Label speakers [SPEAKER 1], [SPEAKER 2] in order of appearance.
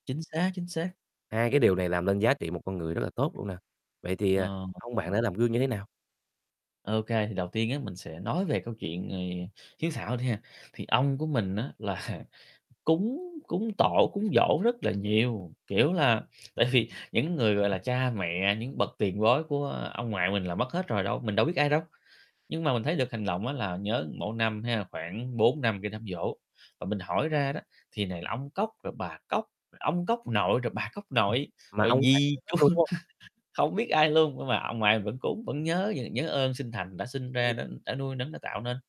[SPEAKER 1] Chính xác, chính xác.
[SPEAKER 2] Hai cái điều này làm nên giá trị một con người rất là tốt luôn nè, vậy thì, ờ,
[SPEAKER 1] Ờ,
[SPEAKER 2] ông bạn
[SPEAKER 1] ờ.
[SPEAKER 2] đã làm gương như thế nào?
[SPEAKER 1] OK, thì đầu tiên á, mình sẽ nói về câu chuyện, ờ, hiếu thảo đi ha, thì ông của mình á là cúng cúng tổ, cúng giỗ rất là nhiều. Kiểu là, tại vì, những người, gọi là, cha mẹ, những bậc tiền bối của, ơ, ông ngoại mình là mất hết rồi đâu mình đâu biết ai đâu, nhưng mà mình thấy được hành động là nhớ mỗi năm ha, khoảng 4-5 cái đám giỗ. Và mình hỏi ra đó, thì này là ông cóc, rồi bà cóc, rồi ông cóc nội, rồi bà cóc nội,
[SPEAKER 2] Mà
[SPEAKER 1] rồi
[SPEAKER 2] ông bạn
[SPEAKER 1] dì,
[SPEAKER 2] nhớ hết
[SPEAKER 1] chú,
[SPEAKER 2] luôn, đúng hông?
[SPEAKER 1] hông biết ai luôn, nhưng mà ông ngoại vẫn cúng, vẫn nhớ nh nhớ ơn sinh thành đã sinh ra,
[SPEAKER 2] Hay.
[SPEAKER 1] đã đã nuôi nấng, đã tạo nên.